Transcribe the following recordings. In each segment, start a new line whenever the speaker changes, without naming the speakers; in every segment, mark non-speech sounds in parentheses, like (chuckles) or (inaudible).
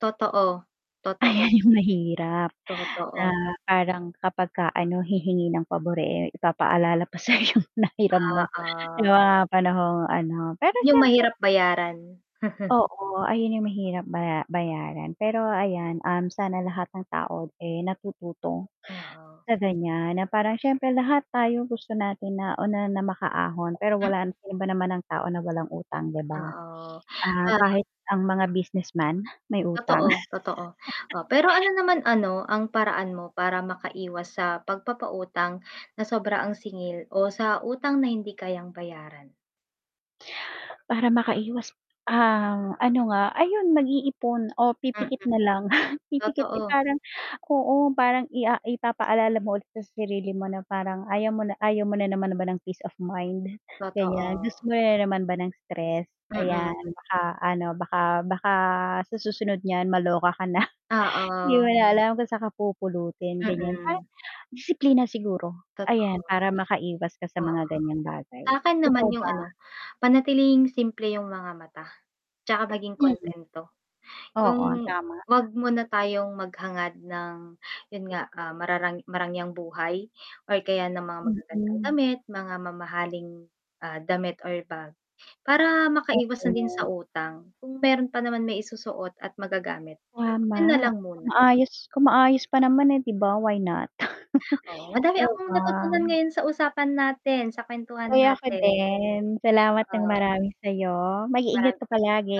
Totoo,
Ayan
totoo.
'yong mahirap na
Totoo.
parang kapag ka ano hihingi ng pabor eh, ipapaalala pa sayo 'yong nahiram mo 'yong
Oo.
mga panahong ano pero
'Yong
s'yempre.
mahirap bayaran. (chuckles)
Oo, ayon 'yong mahirap baya bayaran, pero ayan um, sana lahat ng tao eh, natututo
Oo.
sa ganyan na parang s'yempre lahat tayo gusto natin na una makaahon pero
M
wala sino ba naman ang tao na walang utang 'di ba?
Oo,
Ah,
(unintelligible)
kahit ang mga businessman may utang.
Totoo, totoo oh, pero
(laughs)
ano naman ano ang paraan mo para maka-iwas sa pagpapa-utang na sobra ang singil o sa utang na hindi kayang bayaran?
Para makaiwas, ang ano nga ayon mag-iipon o
Mhm,
pipikit na lang pipikit eh,
totoo.
parang oo parang i ah, ipapa-alala mo ulit sa sarili mo na parang ayaw mo na ayaw mo na naman ba ng peace of mind nganyan, gusto
Totoo.
mo na naman ba ng stress?
Mm.
Ayan baka ano baka baka sa susunod 'n'yan maloka ka na, di
Oo.
mo na alam kung sa kapupulutin ganyan,
Mm.
disiplina siguro ayan
Totoo.
para makaiwas ka sa
Oo.
mga ganyang bagay,
Sa'kin naman
ikaw
'yong
ba?
ano, panatilihing simple 'yong mga mata, 'tsaka maging
Mhm,
kuntento.
oo
'Yong
tama.
'wag muna tayong maghangad ng 'yon nga ah, mararang marangyang buhay or kaya ng mga magagandang
Mhm.
damit, mga mamahaling, ah, damit or bag, para makaiwas na din sa
Oo.
utang, kung meron pa naman maisusuot at magagamit 'yon na
Tama,
lang muna.
maayos kung maayos pa naman eh 'di ba, why not?
Oo,
(laughs)
madami
'di
akong
ba.
natutunan ngayon sa usapan natin, sa kwentuhan
Oy ako
natin.
din, salamat ng
Oo.
marami sayo,
Mara
mag-iingat ka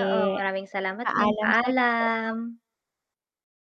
oo, maraming salamat din,
Paalam sayo.
paalam.